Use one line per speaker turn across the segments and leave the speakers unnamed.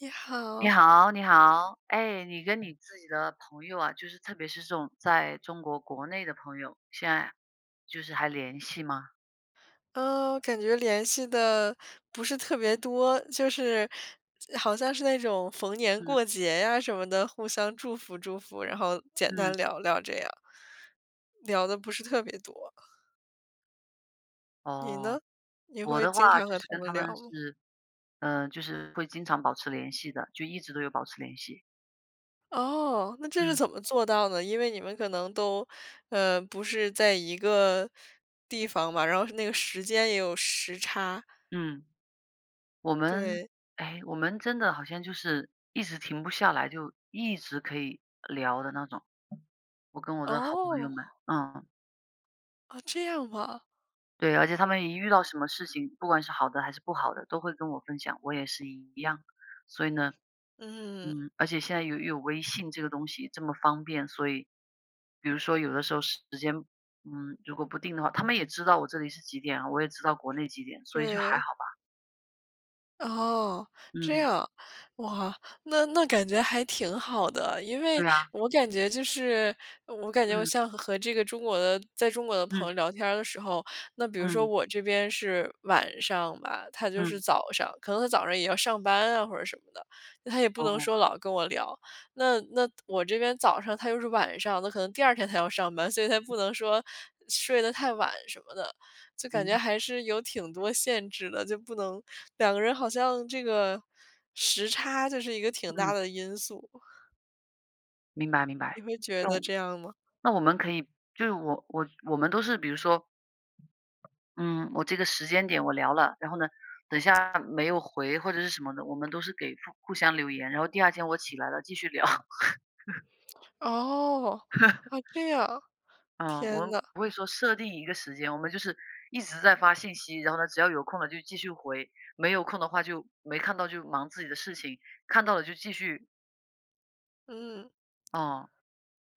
你
你
好。
好，你好。哎，你跟你自己的朋友啊，就是特别是这种在中国国内的朋友，现在就是还联系吗？
呃感觉联系得不是特别多，就是好像是那种逢年
嗯。
过节呀什么的，互相祝福祝福，然后简单
嗯。
聊聊这样。聊得不是特别多。你
哦，
呢？你
我
会
的
经
话
常
就
和
是
他
跟
们
他
聊
们
吗？
是呃就是会经常保持联系的，就一直都有保持联系。
哦，那这是
嗯。
怎么做到的？因为你们可能都，呃不是在一个地方嘛，然后那个时间也有时差。
嗯。我们
对。
哎我们真的好像就是一直停不下来，就一直可以聊的那种。我跟我的好朋友们，
哦。
嗯。
哦这样吗。
对，而且他们一遇到什么事情，不管是好的还是不好的，都会跟我分享，我也是一样。所以呢，
嗯。
嗯，而且现在又有微信这个东西这么方便，所以，比如说有的时候时间，嗯，如果不定的话他们也知道我这里是几点啊，我也知道国内几点，所以就还
对。
好吧。
哦，这
嗯。
样，哇，那那感觉还挺好的。因为
对啊。
我感觉就是我感觉我
嗯。
像和这个中国的在中国的朋
嗯。
友聊天儿的时候，那比如说
嗯。
我这边是晚上吧，他就是
嗯。
早上。可能他早上也要上班啊或者什么的，那他也不能
哦。
说老跟我聊，那那我这边早上他又是晚上，那可能第2天他要上班，所以他不能说睡得太晚什么的，就感觉
嗯。
还是有挺多限制的，就不能两个人好像这个时差就是一个挺大
嗯。
的因素。
明白明白，
你会觉
就
得这样吗？
那我们可以就是我我我们都是比如说嗯，我这个时间点我聊了，然后呢，等一下没有回或者是什么的，我们都是给互互相留言，然后第二天我起来了继续聊。
哦，啊，这样，
嗯，我
天
们
哪。
不会说设定一个时间，我们就是一直在发信息，然后呢，只要有空了就继续回，没有空的话就没看到，就忙自己的事情，看到了就继续
嗯。
哦。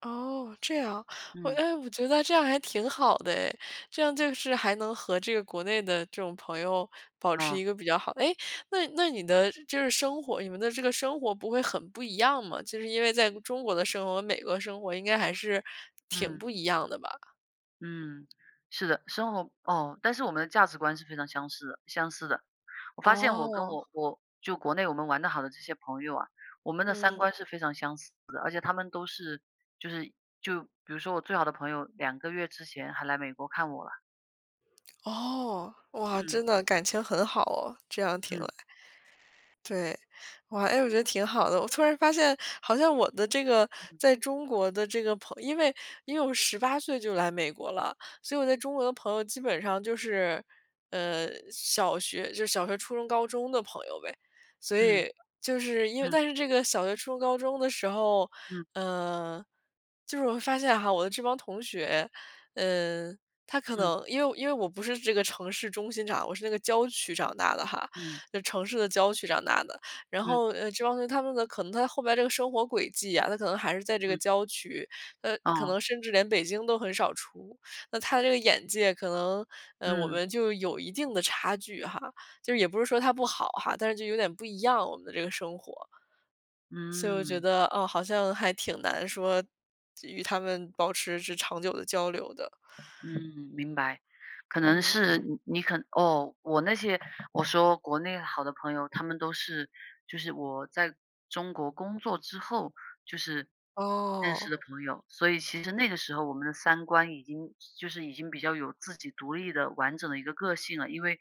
哦，这样。哦，
嗯。
诶，我觉得这样还挺好的诶，这样就是还能和这个国内的这种朋友保持
啊。
一个比较好诶，那你那你的就是就是生活你们的这个生活不会很不一样吗？就是因为在中国的生活和美国的生活应该还是挺
嗯。
不一样的吧。
嗯，是的，生活哦，但是我们的价值观是非常相似的相似的。我发现我跟
哦。
我我就国内我们玩得好的这些朋友啊，我们的三
嗯。
观是非常相似的。而且他们都是就是就比如说我最好的朋友，2个月之前还来美国看我啦。
哦，哇，
嗯。
真的感情很好哦，这样听
嗯。
来。对。哇，诶，我觉得挺好的。我突然发现，好像我的这个
嗯。
在中国的这个朋因为因为我18岁就来美国了，所以我在中国的朋友基本上就是，呃，小学就小学、初中、高中的朋友呗。所
嗯。
以就是因为
嗯。
但是这个小学、初中、高中的时候
嗯。
嗯，就是我发现哈，我的这帮同学，嗯，他可
嗯。
能因为因为我不是这个城市中心长我是那个郊区长大的哈，
嗯。
那城市的郊区长大的。然
嗯。
后，呃，这帮同学他们的可能他后边儿这个生活轨迹啊，他可能还是在这个
嗯。
郊区，呃，可
哦。
能甚至连北京都很少出，那他这个眼界可能呃，我
嗯。
们就有一定的差距哈。就是也不是说他不好哈，但是就有点不一样，我们的这个生活。所以我觉
嗯。
得，嗯，好像还挺难说就与他们保持着长久的交流的。
嗯，明白。可能
嗯。
是你你可能哦，我那些我说国内好的朋友，他们都是就是我在中国工作之后，就是认识的
哦。
朋友。所以其实那个时候，我们的三观已经就是已经比较有自己独立的完整的一个个性了。因为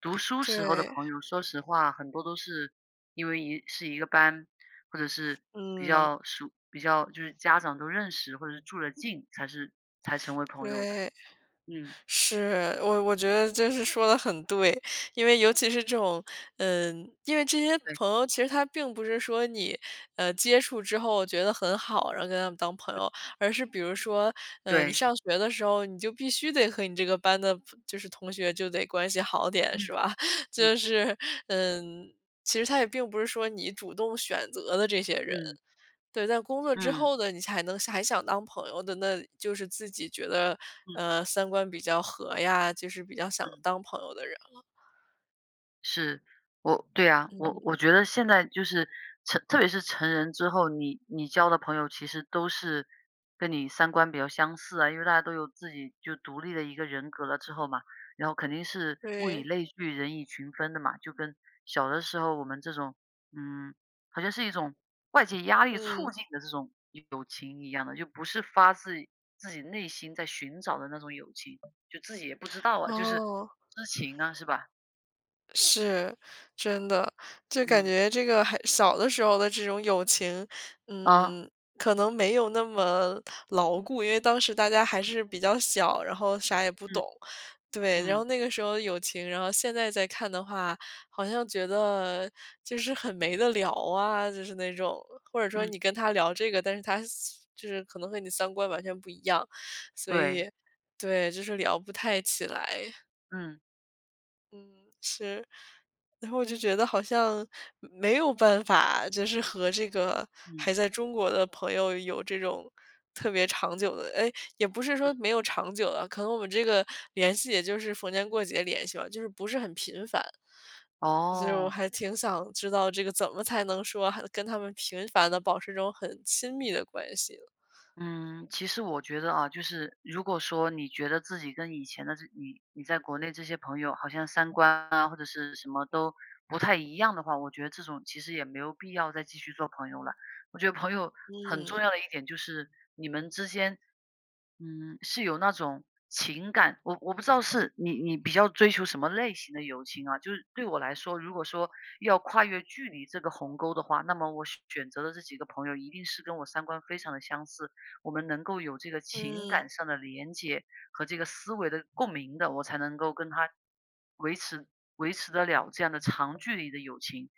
读书时候的
对。
朋友，说实话很多都是因为一是一个班，或者是比
嗯。
较熟比较就是家长都认识或者是住得近，才是才成为朋友的，
对，
嗯。
是，我我觉得真是说的很对。因为尤其是这种嗯，因为这些
对。
朋友其实他并不是说你，呃，接触之后觉得很好，然后跟他们当朋
嗯。
友。而是比如说，呃，你
对。
上学的时候，你就必须得和你这个班的朋就是同学就得关系好点，
嗯。
是吧？
嗯。
就是，嗯，其实它也并不是说你主动选择的这些人，
嗯。
对。但工作之
嗯。
后呢，你才能想还想当朋友的，那就是自己觉得，
嗯。
呃，三观比较合呀，就是比较想
嗯。
当朋友的人了。
是，我对呀，我
嗯。
我觉得现在就是成特别是成人之后，你你交的朋友其实都是跟你三观比较相似啊。因为大家都有自己就独立的一个人格了之后嘛，然后肯定是物以
对。
类聚，人以群分的嘛，就跟小的时候我们这种，嗯好像是一种外界压力促
嗯。
进的这种友情一样的，就不是发自自己内心在寻找的那种友情，就自己也不知道啊，就是
哦。
知情啊是吧？
是，真的。就感
嗯。
觉这个还小的时候的这种友情，
啊。
嗯，可能没有那么牢固，因为当时大家还是比较小，然后啥也不
嗯，
懂，对。然后
嗯。
那个时候友情然后现在再看的话，好像觉得就是很没得聊啊，就是那种，或者说
嗯。
你跟他聊这个，但是他是就是可能和你三观完全不一样，所以
对。
对，就是聊不太起来。
嗯。
嗯，是。然后我就觉得好像没有办法，就是和这个
嗯。
还在中国的朋友有这种特别长久的哎，也不是说
嗯。
没有长久的，可能我们这个联系也就是逢年过节联系了，就是不是很频繁。其实我
哦。
还挺想知道这个怎么才能说还跟他们频繁地保持一种很亲密的关系？
嗯，其实我觉得啊，就是如果说你觉得自己跟以前的这你你在国内这些朋友好像三观啊，或者是什么都不太一样的话，我觉得这种其实也没有必要再继续做朋友了。我觉得朋友很重
嗯。
要的一点就是你们之间，嗯是有那种情感，我我不知道是你你比较追求什么类型的友情啊，就是对我来说，如果说要跨越距离这个鸿沟的话，那么我选选择的这几个朋友一定是跟我三观非常地相似，我们能够有这个情感
嗯。
上的连接和这个思维的共鸣的，我才能够跟他维持维持得了这样的长距离的友情，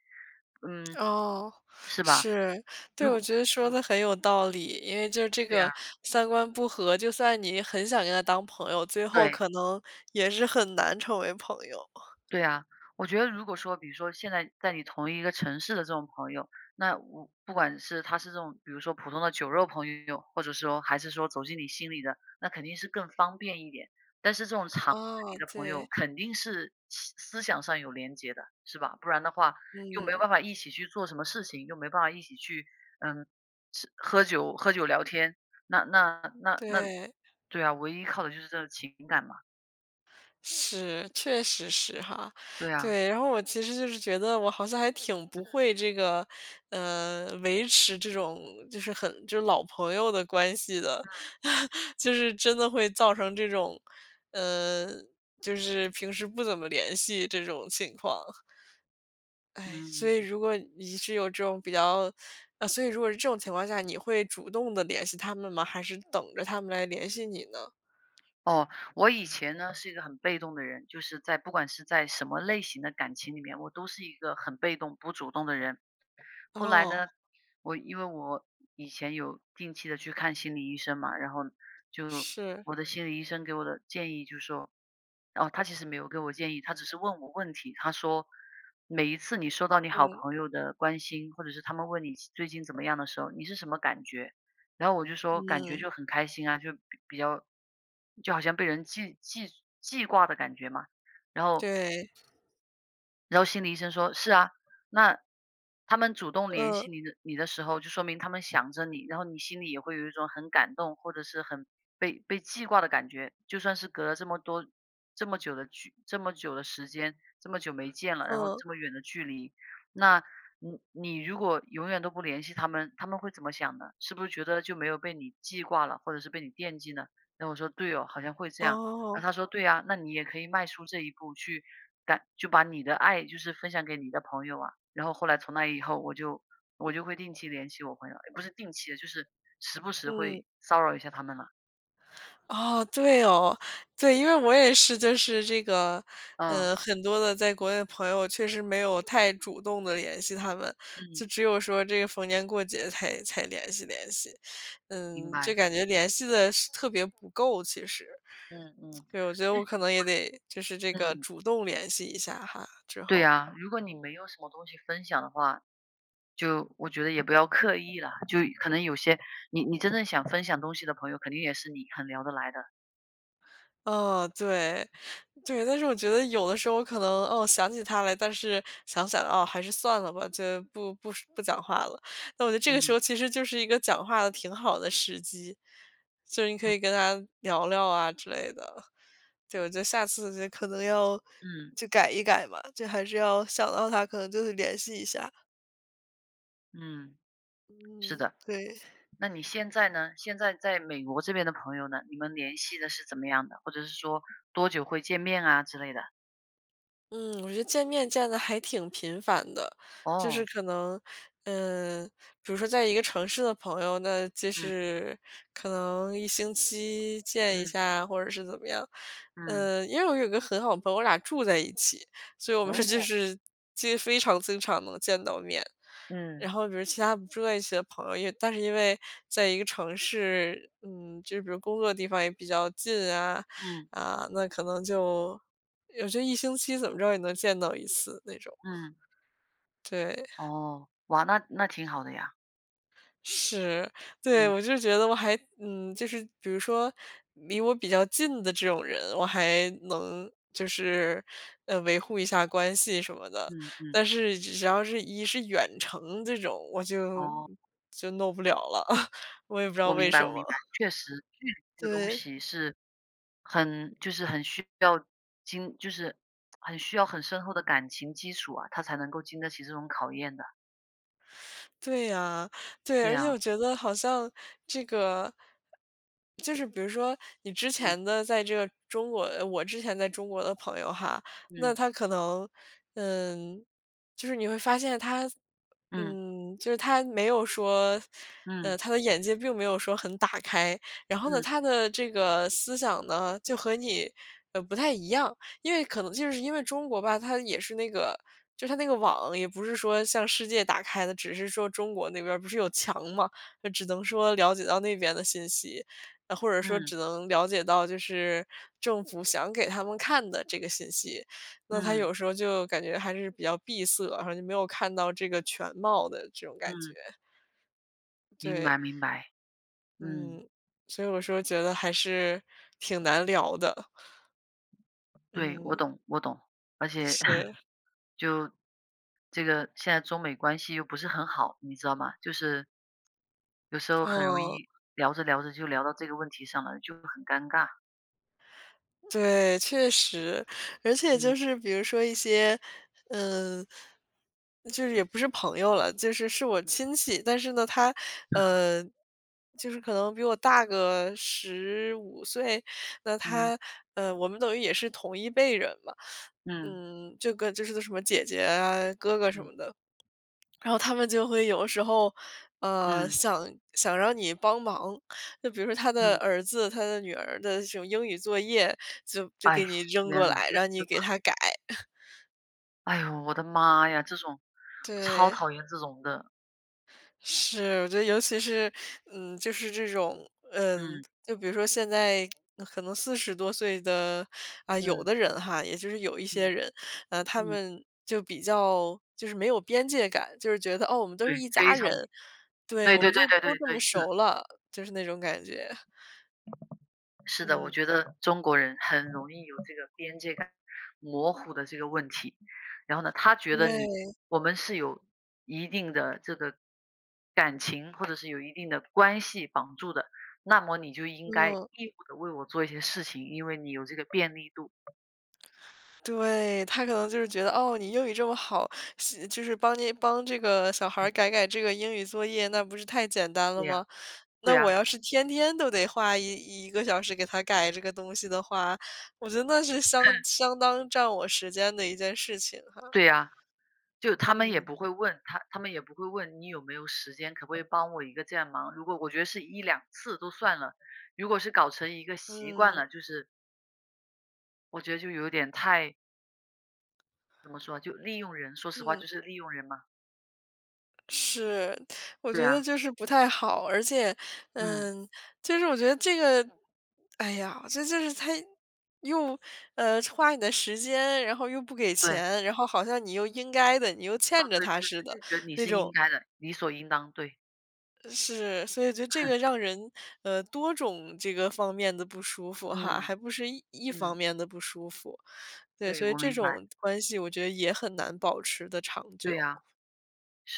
嗯，
哦，
是吧？
是，对。
如
我
果
觉得说
嗯。
得很有道理，因为就这
对
个
呀。
三观不和，就算你很想跟他当朋友，最后
对。
可能也是很难成为朋友。
对啊，我觉得如果说比如说现在在你同一个城市的这种朋友，那我不管是他是这种比如说普通的酒肉朋友，或者说还是说走进你心里的，那肯定是更方便一点。但是这种长距
哦，
离的朋
对。
友，肯定是思思想上有联结的是吧？不然的话又没
嗯。
办法一起去做什么事情，又没办法一起去，嗯是，喝酒喝酒聊天，那那那那
对。
对啊，唯一靠的就是这个情感嘛。
是，确实是哈，
对啊。
对。然后我其实就是觉得我好像还挺不
嗯。
会这个，呃，维持这种就是很就老朋友的关系的。
嗯。
就是真的会造成这种，嗯就是平时不怎么联系这种情况。唉，所以
嗯。
如果你是有这种比较 啊，所以如果是这种情况下，你会主动地联系他们吗？还是等着他们来联系你呢？
哦，我以前呢是一个很被动的人。就是在不管是在什么类型的感情里面，我都是一个很被动不主动的人。后来
哦。
呢，我因为我以前有定期地去看心理医生嘛，然后就
是。
我的心理医生给我的建议就说哦，他其实没有给我建议，他只是问我问题。他说每一次你收到你好
嗯。
朋友的关心，或者是他们问你最近怎么样的时候，你是什么感觉？然后我就说，感觉
嗯。
就很开心啊，就比较就好像被人记记记挂的感觉嘛。然后
对。
然后心理医生说：“是啊，那他们主动联
嗯。
系你的你的时候，就说明他们想着你。然后你心里也会有一种很感动，或者是很被被记挂的感觉。就算是隔了这么多这么久的距这么久的时间这么久没见了，然后
呃。
这么远的距离。那你你如果永远都不联系他们，他们会怎么想呢？是不是觉得，就没有被你记挂了，或者是被你惦记呢？”那我说：“对哦，好像会这样。”那他
哦。
说：“对呀，那你也可以迈出这一步，去把就把你的爱就是分享给你的朋友啊。”然后后来从那以后，我就我就会定期联系我朋友也不是定期，就是时不时
嗯。
会骚扰一下他们了。
哦，对哦。对，因为我也是就是这个，
嗯。
呃很多的在国内的朋友，确实没有太主动地联系他们。
嗯。
就只有说这个逢年过节，才才联系联系。
明
嗯，就
白。
感觉联系得是特别不够其实。
嗯嗯。
对，我觉得我可
[unintelligible]
能也得就是这个
嗯。
主动联系一下哈，之
对
后。
呀，如果你没有什么东西分享的话，就我觉得也不要刻意了。就可能有些你你真的想分享东西的朋友，肯定也是你很聊得来的。
哦，对，对，但是我觉得有的时候可能，哦，想起他来，但是想想，哦，还是算了吧，就不不说不讲话了。那我觉得这个时
嗯。
候，其实就是一个讲话的挺好的时机，就是你可
嗯。
以跟他聊聊啊之类的，就我就下次就可能要
嗯。
就改一改嘛，就还是要想到他，可能就会联系一下。
嗯。是
嗯，
的。
对。
那你现在呢？现在在美国这边的朋友呢？你们联系得是怎么样的？或者是说，多久会见面啊之类的？
嗯，我觉得见面见得还挺频繁的。就是
哦。
可能嗯，比如说在一个城市的朋友，那就
嗯。
是可能1星期见一
嗯。
下，或者是怎么样。
嗯。
嗯，因为我有个很好的朋友，我俩住在一起，所以我们就
哦。
是其实非常经常能见到面。
嗯。
然后比如其他不住在一起的朋友，也但是因为在一个城市，嗯，就是比如工作的地方也比较近啊，
嗯。
啊，那可能就有时候1星期怎么着也能见到1次，那种。
嗯。
对。
哦，哇，那那挺好的呀。
是。对，
嗯。
我就觉得我还嗯，就是比如说离我比较近的这种人，我还能就是，呃，维护一下关系什么的。
嗯嗯。
但是只是要是一是远程这种，我就
哦。
就弄不了了，我也不知道
我
为
明
什
白我
么。
明白，确实。这个东
对。
西是很就是很需要经就是 很需要很深厚的感情基础啊，它才能够经得起这种考验的。
对呀，对，
对
而且
啊。
我觉得好像这个就是比如说，你之
嗯。
前呢在这个中国我之前在中国的朋友哈，那
嗯。
他可能，嗯就是你会发现他
嗯。
嗯，就是他没有说呃，
嗯。
他的眼界并没有说很打开，然后呢，
嗯。
他的这个思想呢，就和你，呃，不太一样。因为可能就是因为中国吧，它也是那个就是它那个网，也不是说向世界打开的，只是说中国那边儿不是有墙嘛，就只能说了解到那边的信息。呃，或者说
嗯。
只能了解到就是政府想给他们看的这个信息，那他
嗯。
有时候就感觉还是比较闭塞，然后就没有看到这个全貌的这种感觉。
嗯。明
对。
白明白，嗯。
嗯，所以我说觉得还是挺难聊的。
对，我
嗯。
懂我懂，而且
是。
就这个现在中美关系又不是很好，你知道吗？就是有时候很容
嗯。
易，聊着聊着就聊到这个问题上了，就会很尴尬。
对，确实。而且就
嗯。
是，比如说一些，嗯就是也不是朋友了，就是是我亲戚。但是呢，他，呃，就是可能比我大个15岁。那
嗯。
他呃，我们等于也是同一辈人嘛。
嗯。
嗯，这个就是个什么姐姐啊、哥哥什
嗯。
么的。然后他们就会有时候，呃，
嗯。
想想让你帮忙。就比如说他的
嗯。
儿子、他的女儿的这种英语作业，就就
哎呦，
给你扔
天
过
哪。
来，
就是
让
这
你
个。
给他改。
哎呦，我的妈呀，这种我超
对。
讨厌这种的。
是，我觉得尤其是嗯，就是这种，嗯
嗯。
就比如说现在可能40多岁的啊，有
嗯。
的人哈也就是有一些
嗯。
人，啊，他
嗯。
们就比较就是没有边界感。就是觉得：“哦，我们都
对
是一家
非常。
人。对，
对
我
对
们
对
就都
对
这么
对，是的。
熟了。”就是那种感觉。
是的，我
嗯。
觉得中国人很容易有，这个边界感模糊的这个问题。然后呢，他觉得你
对。
我们是有一定的这个感情，或者是有一定的关系绑住的。那么你就应该
嗯。
义务地为我做一些事情，因为你有这个便利度。
对，他可能就是觉得，哦，你英语这么好，息就是帮你帮这个小孩儿
嗯。
改改这个英语作业，那不是太简单了
对啊，
吗？那
对
我
啊。
要是天天都得花一一个小时给他改这个东西的话，我觉得那是相 相当占我时间的一件事情哈。
对呀，就他们也
嗯。
不会问他他们也不会问你有没有时间，可不可以帮我一个这样忙。如果我觉得是1-2次都算了，如果是搞成一个习惯
嗯。
了，就是我觉得就有点太怎么说？就利用人，说实话
嗯。
就是利用人嘛。
是，我
对
觉得
啊。
就是不太好，而且，
嗯。
嗯就是我觉得这个哎呀，这就是它又，呃，花你的时间，然后又不给
对。
钱，然后好像你又应该的、你又
哦，
欠着
对对，
他似
他
的
就觉得你
那
是应
种。
该的，理所应当，对。
是，所以就这 个让人，呃多种这个方面的不舒服哈，
嗯。
还不是一一方
嗯。
面的不舒服。对，
对，
所以
我
这
明白。
种关系我觉得也很难保持得长
对
久。
啊。是。